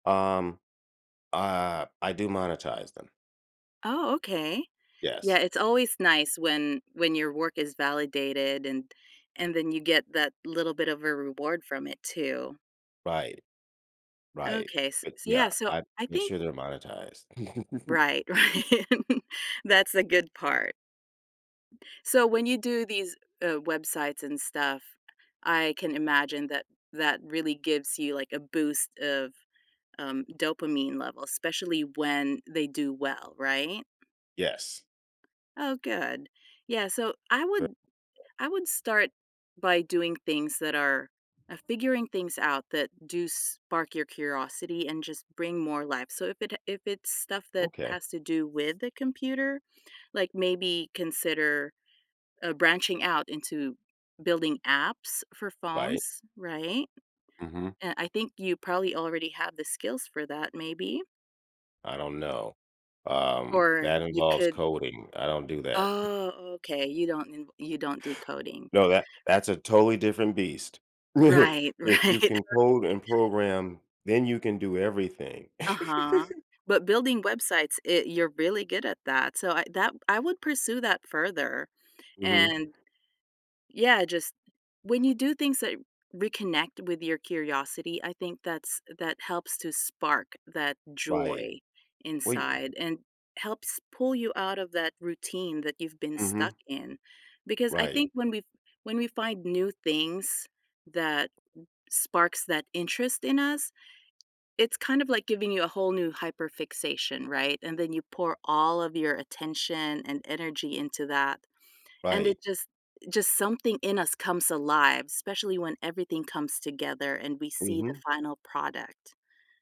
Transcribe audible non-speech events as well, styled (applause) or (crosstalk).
Um, uh, I do monetize them. Oh, okay, yeah, Yes. it's always nice when when your work is validated and and then you get that little bit of a reward from it, too. Right. Right, Okay, s but, so, yeah, yeah, so I I make think sure they're monetized. (laughs) Right, right. (laughs) That's a good part. So, when you do these, uh, websites and stuff, I can imagine that that really gives you, like, a boost of, um, dopamine levels, especially when they do well, right? Yes. Oh, good. Yeah, so I would Bu I would start by doing things that are uh, figuring things out that do spark your curiosity and just bring more life, so if it ha if it's stuff that Okay. has to do with the computer, like maybe consider, uh, branching out into building apps for Right. phones, right? Mhm. Uh, I think you probably already have the skills for that maybe. I don't know, um, Or that you involves could coding, I don't do that. Oh, okay, you don't inv you don't do coding. No, that that's a totally different beast. Right, (chuckles) right, If you okay. can code and program, then you can do everything. Uh-huh, (laughs) but building websites it you're really good at that, so I that I would pursue that further, Mhm. and yeah, just when you do things that reconnect with your curiosity, I think that's that helps to spark that Right, joy wait it inside and helps pull you out of that routine that you've been stuck Mhm. in, because I Right. think when we f when we find new things that sparks that interest in us, it's kind of like giving you a whole new hyperfixation, right, and then you pour all of your attention and energy into that, and it Right. just just something in us comes alive, especially when everything comes together and we see the Mhm. final product.